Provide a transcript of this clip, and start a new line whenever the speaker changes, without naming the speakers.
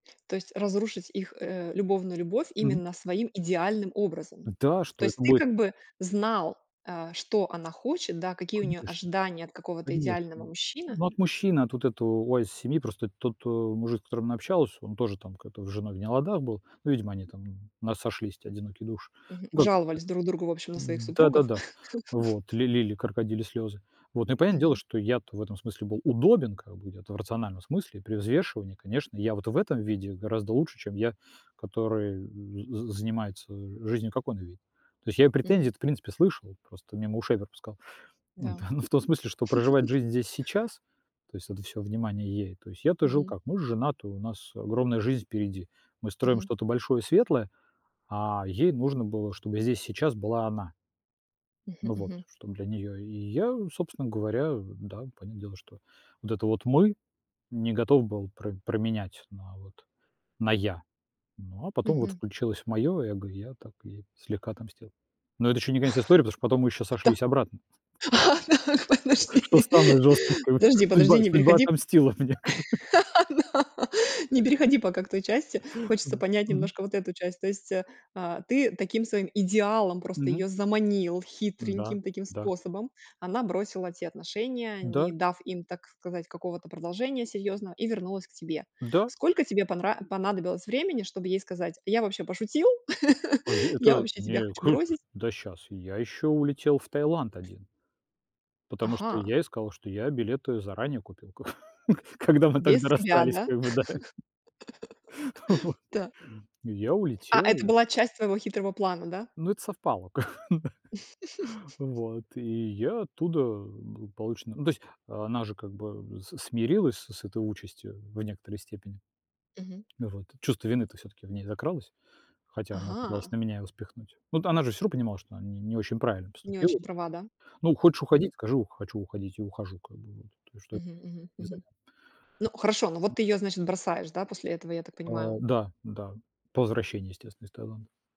То есть разрушить их, э, любовную любовь
Мгм.
именно своим идеальным образом.
Да, а
То
что
есть
это
ты
будет?
как бы знал, э, что она хочет, да, какие у неё
Конечно.
ожидания от какого-то
Конечно.
идеального
Н
мужчины.
ну от мужчины, от вот этого wise семьи, просто тот, э, мужик, с которым она общалась, он тоже там как-то с женой в не ладах был. Ну, видимо, они там, м, "у нас сошлись те одинокие души",
Мгм.
ну, как бы
Жаловались друг другу, в общем, на
[unintelligible]
своих
Н
супругов.
да-да-да. Вот. Ли лили крокодильи слёзы. Вот, ну и понятное дело,
Мгм.
что я-то в этом смысле был удобен как бы, где-то, в рациональном смысле, при взвешивании, конечно, я вот в этом виде гораздо лучше, чем я, который, э, з занимается, э, жизнью, как он видит. То есть я её
Мгм.
претензии-то, в принципе, слышал, просто мимо ушей пропускал
Да.
Да, ну, в том смысле, что проживать жизнь здесь и сейчас, то есть это всё внимание ей. То есть я-то жил
Мгм.
как: мы ж женаты, у нас огромная жизнь впереди, мы строим
Мгм.
что-то большое, светлое, а ей нужно было, чтобы здесь и сейчас была она.
Мгм,
Ну вот,
мгм.
чтоб для неё, и я, собственно говоря, да, понятное дело, что вот это вот "Мы" не готов был про променять на вот на "Я". Ну, а потом вот
Мгм.
включилось моё эго, и я так ей слегка отомстил. Но это ещё не конец истории, потому что потом мы ещё
Да.
сошлись обратно.
А так,
Что
подожди,
самое жёсткое как бы,
подожди, подожди,
судьба
не
судьба
переходи
отомстила мне ка
на не переходи пока к той части, хочется
Да.
понять
Мгм.
немножко вот эту часть. То есть, э, а, ты таким своим идеалом просто
Мгм.
её заманил,
Да,
хитреньким таким
да.
способом. Она бросила те отношения,
Да.
не дав им, так сказать, какого-то продолжения серьёзного и вернулась к тебе.
Да.
Сколько тебе понра понадобилось времени, чтобы ей сказать: "Я вообще пошутил,
А
я
"ето
вообще тебя
не
хочу
круто".
бросить".
Да щас! Я ещё улетел в Таиланд один. Потому что
Ага!
я ей сказал, что я билеты заранее купил ко когда мы
Без
тогда
тебя,
расстались,
да?
как бы, да. Вот.
Да.
И я
А, это
улетел, я
была часть твоего хитрого плана, да?
Ну, это совпало как бы. Вот, и я оттуда благополучно Ну то есть она же как бы с смирилась с с этой участью в некоторой степени
Мгм.
Вот. Чувство вины-то всё-таки в ней закралось. Хотя она пыталась
Ага!
на меня его спихнуть. Ну, вот она же всё равно понимала, что она не не очень правильно
Не
поступила
очень права, да?
Ну, хочешь
Мгм.
уходить, скажи: "Хочу уходить и ухожу". Как бы вот. То есть, что это
Мгм, мгм,
за
мгм.
[unintelligible]
Ну хорошо. Ну вот ты
Мгм.
ее, значит, бросаешь, да, после этого, я так
А,
понимаю?
да, да. По возвращении, естественно, из Таиланда.